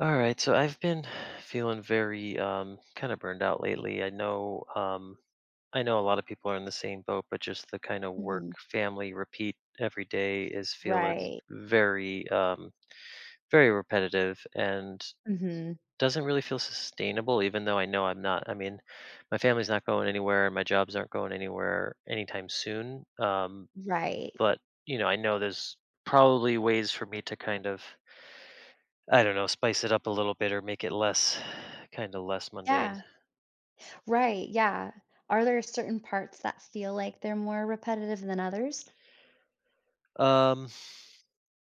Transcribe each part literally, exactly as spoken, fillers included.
Alright so, I've been feeling very, um, kinda burned out lately I know, um, I know a lotta people are in the same boat, but just the kinda work, Mhm. family, repeat, every day is feeling Right. very, um, very repetitive and, Mhm. doesn't really feel sustainable even though I know I'm not I mean, my family's not going anywhere, my jobs aren't going anywhere anytime soon, um, Right. but, you know, I know there's probably ways for me to kind of I don't know, spice it up a little bit or make it less kinda less mundane. Yeah. Right, yeah. Are there certain parts that feel like they're more repetitive than others? Um.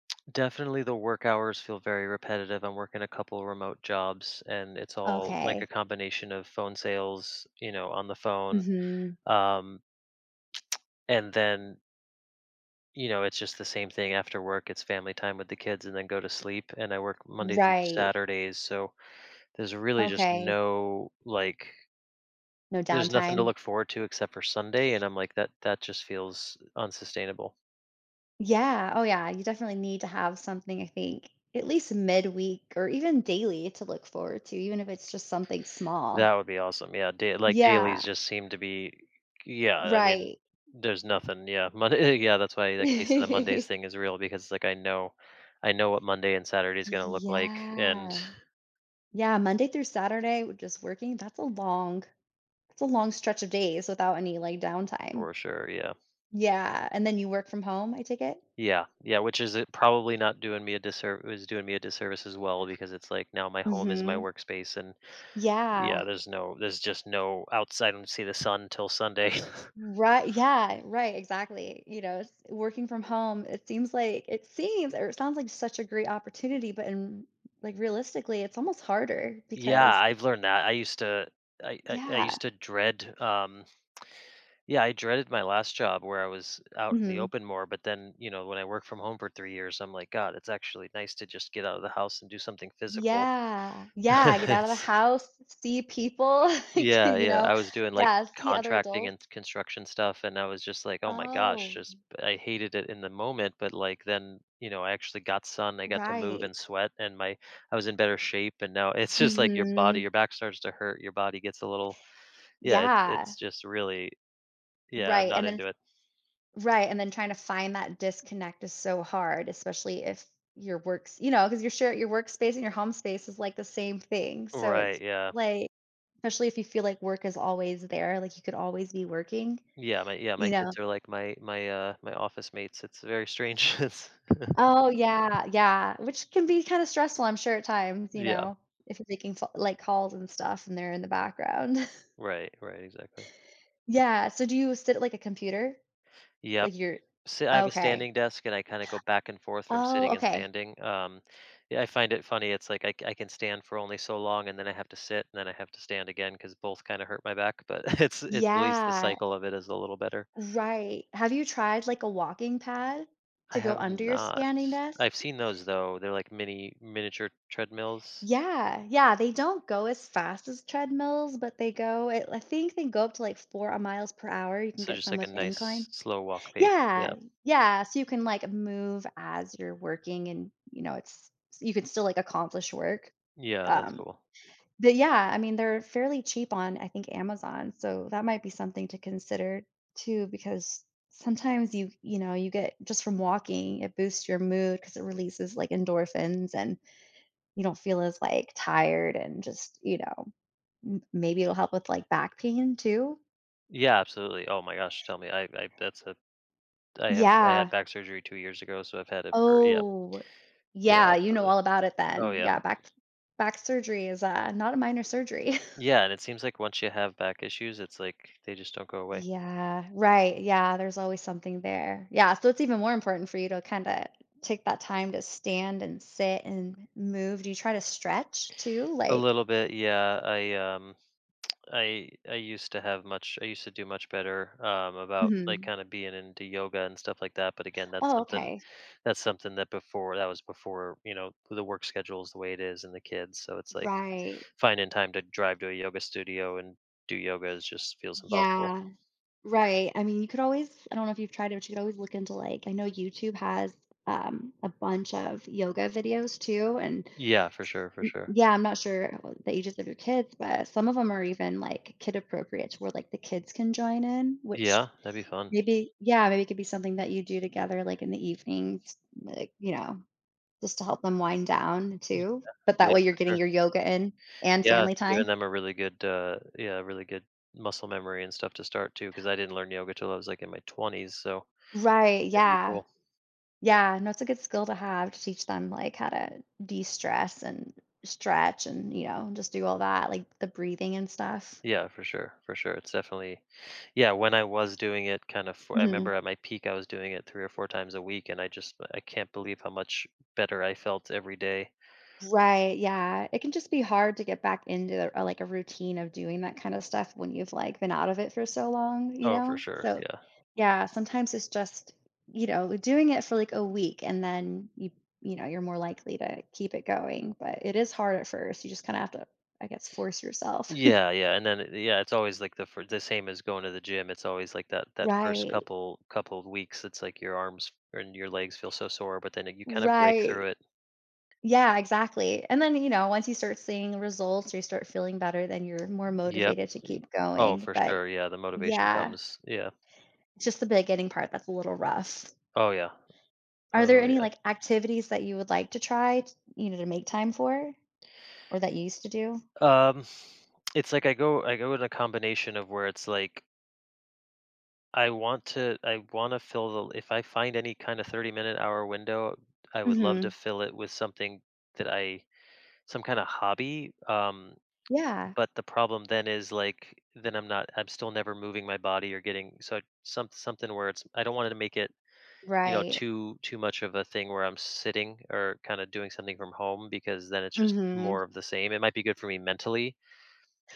Definitely, the work hours feel very repetitive; I'm working a couple remote jobs, and it's all, like, a Okay. combination of phone sales, you know, on the phone. Mhm. Um, And then you know, it's just the same thing after work, it's family time with the kids and then go to sleep, and I work Monday through Right. Saturdays so, there's really just Okay. no, like No there's nothing to downtime? look forward to except for Sunday, and I'm like, that that just feels unsustainable. Yeah. Oh, yeah, you definitely need to have something, I think. At least midweek, or even daily to look forward to, even if it's just something That small. would be awesome, yeah. Day like, Yeah. dailies just seem to be yeah, I mean, Right. there's nothing, yeah, Monday yeah, that's why the case of the Monday's thing is real, because, like, I know I know what Monday and Saturday is gonna look like, and Yeah. Yeah, Monday through Saturday, w just working, that's a long that's a long stretch of days without any, like, downtime. For sure, yeah. Yeah, and then you work from home, I take it? Yeah. Yeah. Which is i probably not doing me a disserv is doing me a disservice as well, because it's like, now my home is my Mhm. workspace, and Yeah. yeah, there's no there's just no outside, I don't see the sun until Sunday. Ri yeah. Right, exactly. You know, s working from home, it seems like it seems or it sounds like such a great opportunity, but in r like, realistically, it's almost harder, Yeah, because I've learned that. I used to I I I Yeah. used to dread, um yeah, I dreaded my last job where I was out in the Mhm. open more, but then, you know, when I worked from home for three years, I'm like, God, it's actually nice to just get out of the house and do something physical. Yeah. Yeah, I get out of the It's house, see people, like, Yeah, you yeah. know I was doing, like, yeah, see other contracting and adults. s construction stuff, and I was just like, "Oh my gosh," Oh. just I hated it in the moment, but, like, then, you know, I actually got sun, I got to move Right. and sweat, and my I was in better shape, and now it's just, like, your body Mhm. your back starts to hurt, your body gets a little yeah, it's it's Yeah. just really yeah, I'm Right, not and then into s it. Right, and then trying to find that disconnect is so hard, especially if your work's you know, 'cause you share your workspace and your home space is, like, the same thing, so it's Right, yeah. like especially if you feel like work is always there, like, you could always be working. Yeah. My yeah, my You know? kids are, like, my my, uh my office mates, it's very strange it's Oh, yeah. Yeah. Which can be kinda stressful, I'm sure, at times, you Yeah. know, if you're making f like, calls and stuff, and they're in the background. Right. Right, exactly. Yeah. So do you sit at, like, a computer? Yep. Like, you're See, I have a okay. standing desk, and I kinda go back and forth from Oh, sitting and okay. standing, um yeah, I find it funny, it's, like, I c I can stand for only so long, and then I have to sit, and then I have to stand again, 'cause both kinda hurt my back, but it's it's at least the Yeah. cycle of it is a little better. Right. Have you tried, like, a walking pad I to go have under your not. standing desk? I've seen those, though. They're, like, mini miniature treadmills? Yeah. Yeah, they don't go as fast as treadmills, but they go at l I think they go up to, like, four, uh, miles per hour, you can So get just, some like, a with nice incline. slow walk pace, yeah. Yeah. Yeah, so you can, like, move as you're working, and, you know, it's s you could still, like, accomplish work, Yeah, that's um cool. but, yeah, I mean, they're fairly cheap on, I think, Amazon, so that might be something to consider too, because sometimes you you know, you get just from walking, it boosts your mood, 'cause it releases, like, endorphins, and you don't feel as, like, tired, and just you know? M maybe it'll help with, like, back pain, too? Yeah, absolutely, oh my gosh, tell me I I that's a I have I had Yeah. back surgery two years ago, so I've had it for yeah Oh, Yeah, yeah, you know absolutely. all about it Oh, then. yeah. Yeah, back back surgery is, uh, not a minor surgery. Yeah, and it seems like once you have back issues, it's, like, they just don't go away. Yeah, right, yeah, there's always something there. Yeah, so it's even more important for you to kinda take that time to stand and sit and move. Do you try to stretch too? A Like little bit, yeah. I, um, I I used to have much I used to do much better, um, about, like, Mhm. kinda being into yoga and stuff like that. But, again, that's Oh, something okay. that's something that before that was before, you know, the work schedule is the way it is and the kids. So it's, like, Right. finding time to drive to a yoga studio and do yoga, is just feels impossible. Yeah. Right, I mean, you could always I don't know if you've tried it, but you could always look into, like I know YouTube has, um, a bunch of yoga videos too, and Yeah, for sure, for sure. yeah, I'm not sure about the ages of your kids, but some of them are even, like, kid appropriate to where, like, the kids can join in, Yeah. which That'd be fun. maybe Yeah, maybe it could be something that you do together, like, in the evenings, like, you know, just to help them wind down Yeah, too. But that yeah. way, you're For getting sure. your yoga in and Yeah, family it's giving time. them a really good, uh, yeah really good muscle memory and stuff to start too 'cause I didn't learn yoga till I was, like, in my twenties, so Right, that'd be yeah. cool. Yeah. No, it's a good skill to have to teach them, like, how to destress and stretch and, you know, just do all that, like, the breathing and stuff. Yeah, for sure, for sure. It's definitely yeah, when I was doing it kind of I Mhm. remember at my peak, I was doing it three or four times a week, and I just I can't believe how much better I felt every day. Right, yeah. It can just be hard to get back into, uh or, like, a routine of doing that kind of stuff when you've, like, been out of it for so long, you Oh, for know? sure, So, yeah. yeah, sometimes it's just you know, l doing it for, like, a week, and then you you know, you're more likely to keep it going, but it is hard at first. You just kinda have to, I guess, force yourself. Yeah, yeah, and then yeah, it's always, like, the f the same as going to the gym. It's always, that that first Right. couple couple of weeks, it's, like, your arms and your legs feel so sore, but then you kinda break through Right. it. Yeah, exactly. And then, you know, once you start seeing the results or you start feeling better, then you're more Yep. motivated to keep I oh, going, for but sure, yeah. The motivation Yeah. comes, yeah. Just the beginning part that's a little rough. Oh, yeah. Are there Oh, any, yeah. like, activities that you would like to try, t you know, to make time for? Or that you used to do? Um, it's, like, I go I go with a combination of where it's like I want to I wanna fill the if I find any kind of thirty minute, hour window, I would love to Mhm. fill it with something that I some kind of hobby, um, Yeah. but the problem then is, like, then I'm not I'm still never moving my body or getting so some something where it's I don't wanna make it, you know, Right. too too much of a thing where I'm sitting or kinda doing something from home because then it's just Mhm. more of the same. It might be good for me mentally,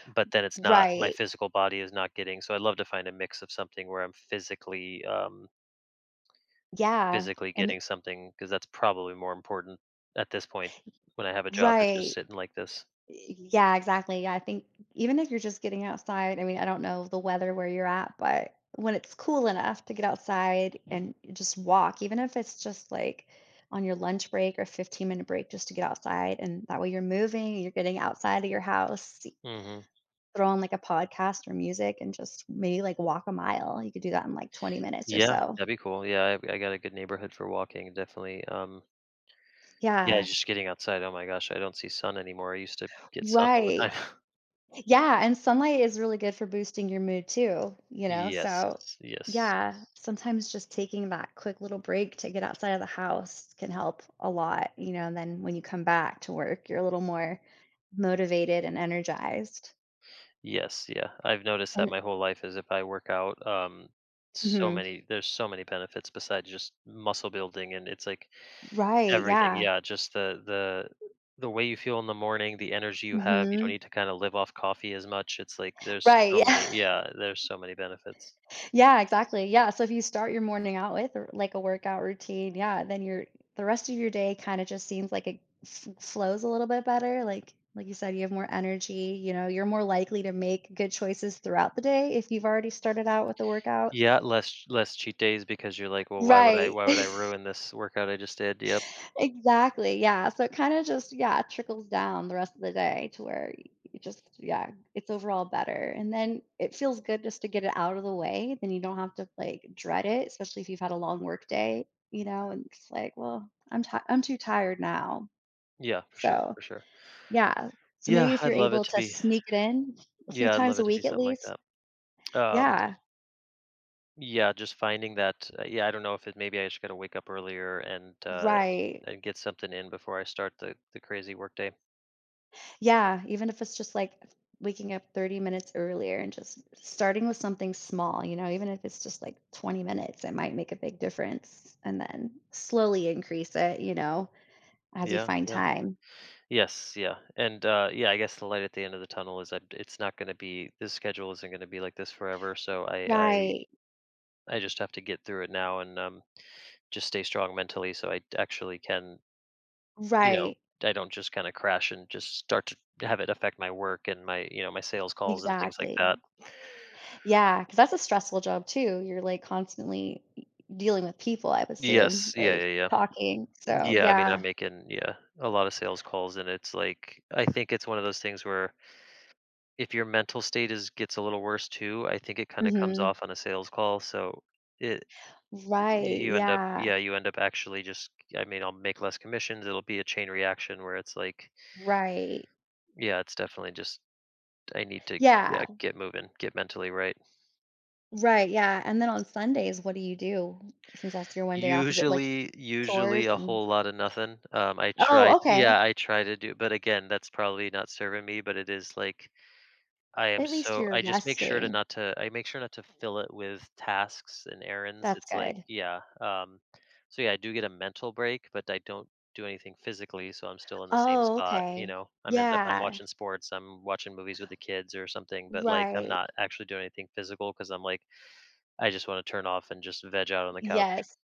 but then it's R not my right. physical body is not getting so I'd love to find a mix of something where I'm physically, um Yeah. physically Em getting something 'cause that's probably more important at this point Y when I have a job that's just right. sitting like this. Y yeah, exactly. I think even if you're just getting outside, I mean, I don't know the weather where you're at, but when it's cool enough to get outside and just walk, even if it's just, like, on your lunch break or fifteen minute break just to get outside, and that way you're moving, you're getting outside of your house, see Mhm. throw on, like, a podcast or music and just maybe, like, walk a mile. You could do that in, like, twenty minutes or Yeah. so. That'd be cool, yeah. I g I got a good neighborhood for walking, definitely, um Yeah, Yeah. just getting outside, oh my gosh. I don't see sun anymore, I used to get sun all the time. Right. Yeah, and sunlight is really good for boosting your mood too, you know, Yes, so yes. Yeah, sometimes just taking that quick little break to get outside of the house can help a lot, you know, and then when you come back to work, you're a little more motivated and energized. Yes, yeah, I've noticed that And my whole life is if I work out, um, so Mhm. many there's so many benefits besides just muscle building, and it's, like, Right, everything, yeah. yeah, just the the the way you feel in the morning, the energy you have, you don't Mhm. need to kinda live off coffee as much, it's, like, there's Right, so yeah. many yeah, there's so many benefits. Yeah, exactly. Yeah, so if you start your morning out with a w like, a workout routine, yeah, then your the rest of your day kinda just seems like it fl flows a little bit better, like, like you said, you have more energy, you know? You're more likely to make good choices throughout the day if you've already started out with the workout. Yeah, less ch less cheat days because you're like, "Well, why would I Right. why would I ruin this workout I just did?" Yep. Exactly, yeah, so it kinda just, yeah, trickles down the rest of the day to where you just yeah. It's overall better. And then it feels good just to get it out of the way, then you don't have to, like, dread it, especially if you've had a long workday, you know? And it's, like, "Well, I'm ti I'm too tired now." Yeah, for sure, So, for sure. yeah, so maybe Yeah, if I'd you're love it able to to be sneak it in a few yeah, I'd love times it a to be week at something like least. that. Um Yeah. Yeah, just finding that, uh yeah, I don't know if it maybe I just gotta wake up earlier, and, uh Right. and get something in before I start the the crazy workday. Yeah. Even if it's just, like, waking up thirty minutes earlier, and just starting with something small, you know, even if it's just, like, twenty minutes, it might make a big difference, and then, slowly increase it, you know, as you Yeah, find yeah. time. Yes, yeah, and, uh yeah, I guess the light at the end of the tunnel is that it's not gonna be this schedule isn't gonna be like this forever, so, I I Right. I just have to get through it now and, um, just stay strong mentally, so I d actually can you know, Right. I don't just kinda crash and just start to have it affect my work, and my you know, my sales calls and things like that. Exactly. Yeah, 'cause that's a stressful job, too. You're, like, constantly e dealing with people, I'd assume, Yes. Yeah, like, yeah, yeah. talking, so, Yeah, I mean, I'm yeah. making yeah, a lot of sales calls, and it's, like, I think it's one of those things where if your mental state is gets a little worse, too, I think it kinda comes Mhm. off on a sales call, so, it eh y Right, you end up yeah. yeah, you end up actually just I mean, I'll make less commissions, it'll be a chain reaction, where it's like Right. yeah, it's definitely just t I need to Yeah. yeah, get moving, get mentally right. Right. Yeah. And then on Sundays, what do you do since that's your one day off? Is it, like, Usually, usually chores a and whole lotta nothing. Um, I tried Oh, okay. yeah, I tried to do but, again, that's probably not serving me, but it is like I am At least so you're I just make sure to resting. not to I make sure not to fill it with tasks and errands. That's It's, like good. yeah. Um, so, yeah, I do get a mental break, but I don't do anything physically, so I'm still in the same Oh, spot, you okay. know? I'm end up I'm Yeah. watching sports. I'm watching movies with the kids or something, but, like, I'm Right. not actually doing anything physical 'cause I'm like I just wanna turn off and just veg out on the couch. Yes.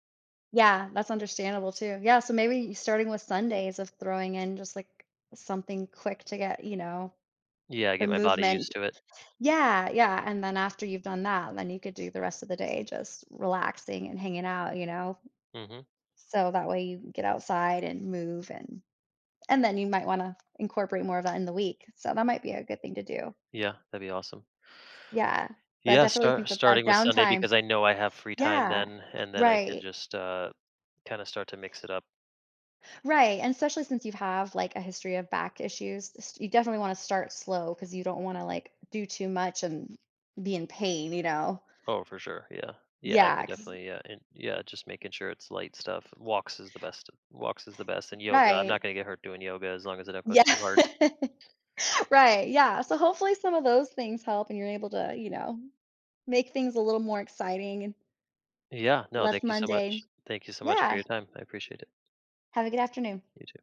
Yeah. That's understandable too. Yeah. So maybe starting with Sundays of throwing in just, like, something quick to get, you know, Yeah. I the get my body movement. used to it. Yeah. Yeah. And then after you've done that, then you could do the rest of the day just relaxing and hanging out, you know? Mhm. So that way you can get outside and move, and and then you might wanna incorporate more of that in the week. So that might be a good thing to do. Yeah. That'd be awesome. Yeah. But I Yeah. definitely Start think that that starting with Sunday downtime because I know I have free time yeah. then, and then I can Right. just, uh, kinda start to mix it up. Right. And especially since you have, like, a history of back issues, s you definitely wanna start slow cause you don't wanna, like, do too much and be in pain, you know? Oh, for sure. Yeah. Yeah. I could Yeah, cause definitely yeah. And, yeah, just making sure it's light stuff. Walks is the best walks is the best. And yoga, I'm not Right. gonna get hurt doing yoga as long as I don't go Yeah. too hard. Right, yeah. So, hopefully, some of those things help, and you're able to, uh, you know, make things a little more exciting and Yeah. No. less Thank you so mundane. much. Thank you so much for your Yeah. time. I appreciate it. Have a good afternoon. You too.